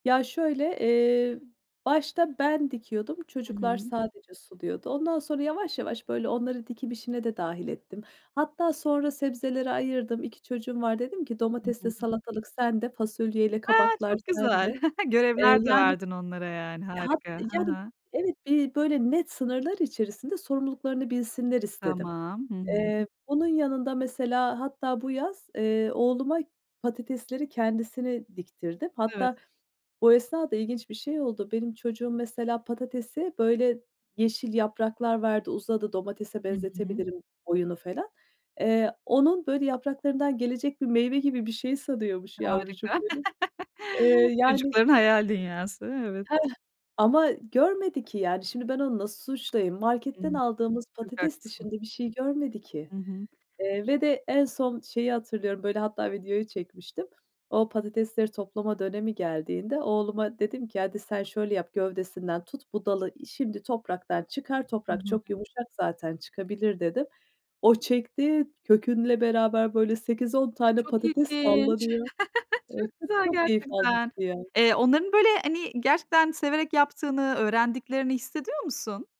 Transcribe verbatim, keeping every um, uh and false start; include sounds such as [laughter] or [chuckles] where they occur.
Ya, şöyle, eee, başta ben dikiyordum, Hı çocuklar hı. sadece suluyordu. Ondan sonra yavaş yavaş, böyle, onları dikim işine de dâhil ettim. Hatta sonra sebzeleri ayırdım. iki çocuğum var. Dedim ki Hı "Domatesle hı. salatalık sende, fasulyeyle A! kabaklar Çok güzel. sende." [chuckles] Eee, Görevler de yani, verdin onlara, yani, hat harika. Ha yani, ha. evet bir, böyle, net sınırlar içerisinde sorumluluklarını bilsinler istedim. Tamam. Hı hı. Eee, bunun yanında mesela hatta bu yaz, eee, oğluma patatesleri kendisine diktirdim. Evet. Hatta o esnada ilginç bir şey oldu. Benim çocuğum mesela patatesi, böyle, yeşil yapraklar verdi, uzadı, domatese Hı hı. benzetebilirim oyunu falan. Eee, onun, böyle, yapraklarından gelecek bir meyve gibi bir şey sanıyormuş Harika. yavrucuğum benim. [chuckles] Eee, yani Çocukların hayal dünyası, evet. Hıh. Ama görmedi ki, yani, şimdi ben onu nasıl suçlayayım? Hı hı. Marketten aldığımız Çok patates haklısın. dışında bir şey görmedi ki, Hı hı. eee, ve de en son şeyi hatırlıyorum. Böyle, hatta videoyu çekmiştim. O patatesleri toplama dönemi geldiğinde oğluma dedim ki "Hadi, sen şöyle yap gövdesinden tut bu dalı şimdi topraktan çıkar, Hı toprak hı. çok yumuşak zaten çıkabilir." dedim. O çekti, kökünle beraber, böyle, sekiz on Ay, tane çok patates ilginç. sallanıyor. Eee, [chuckles] Çok çok güzel çok keyif almıştı gerçekten. ya. Eee, onların, böyle, hani, gerçekten severek yaptığını, öğrendiklerini hissediyor musun?